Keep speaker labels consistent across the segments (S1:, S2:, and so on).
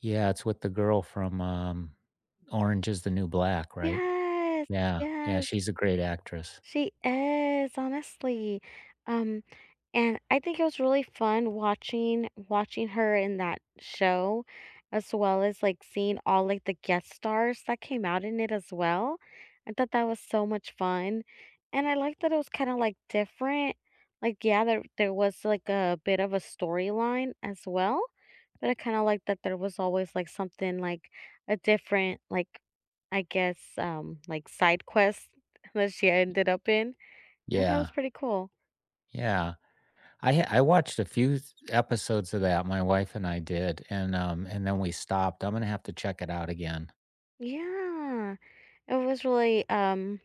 S1: Yeah, it's with the girl from, um, Orange Is the New Black, right?
S2: Yes.
S1: Yeah, yeah,
S2: Yes.
S1: she's a great actress.
S2: She is, honestly. Um, and I think it was really fun watching watching her in that show as well as, like, seeing all, like, the guest stars that came out in it as well. I thought that was so much fun, and I like that it was kinda, like, different, like, yeah, there there was like a bit of a storyline as well, but I kinda like that there was always, like, something, like, a different, like, I guess, um, like, side quest that she ended up in and that was
S1: Yeah.
S2: pretty cool.
S1: Yeah, I ha I watched a few th episodes of that, my wife and I did, and, um, and then we stopped. I'm gonna have to check it out again.
S2: Yeah, it was really, um,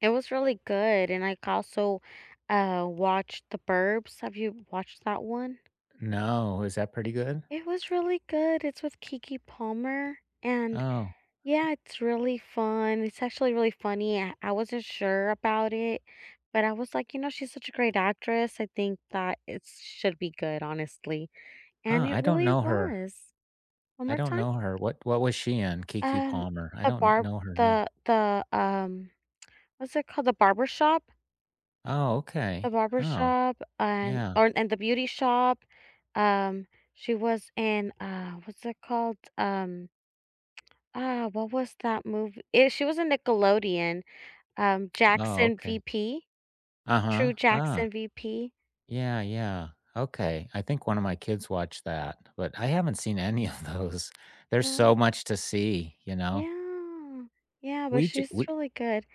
S2: it was really good and I also, uh, watched The Burbs. Have you watched that one?
S1: No, is that pretty good?
S2: It was really good. It's with Keke Palmer and
S1: Oh.
S2: Yeah, it's really fun, it's actually really funny. I I wasn't sure about it, but I was, like, you know, she's such a great actress. I think that it should be good, honestly, and
S1: Uh,
S2: it
S1: I don't
S2: really
S1: know her.
S2: was. One
S1: I
S2: more
S1: don't
S2: time?
S1: know her. What what was she in? Keke
S2: Um,
S1: Palmer. I
S2: The
S1: don't kn
S2: Barb
S1: know her name.
S2: the the, um, what's it called, The Barbershop?
S1: Oh,
S2: The
S1: okay. Oh,
S2: Barbershop and
S1: yeah.
S2: or, and The Beauty Shop, um she was in, uh, what's it called? Um Uh, what was that movie? Eh, she was a Nickelodeon, um,
S1: Oh,
S2: Jackson
S1: okay.
S2: VP.
S1: Uh-huh,
S2: True
S1: ah.
S2: Jackson VP.
S1: Yeah, yeah, okay, I think one of my kids watched that, but I haven't seen any of those. There's
S2: Mm.
S1: so much to see, you know?
S2: Yeah. Yeah, but
S1: We ju
S2: she's
S1: we
S2: really good.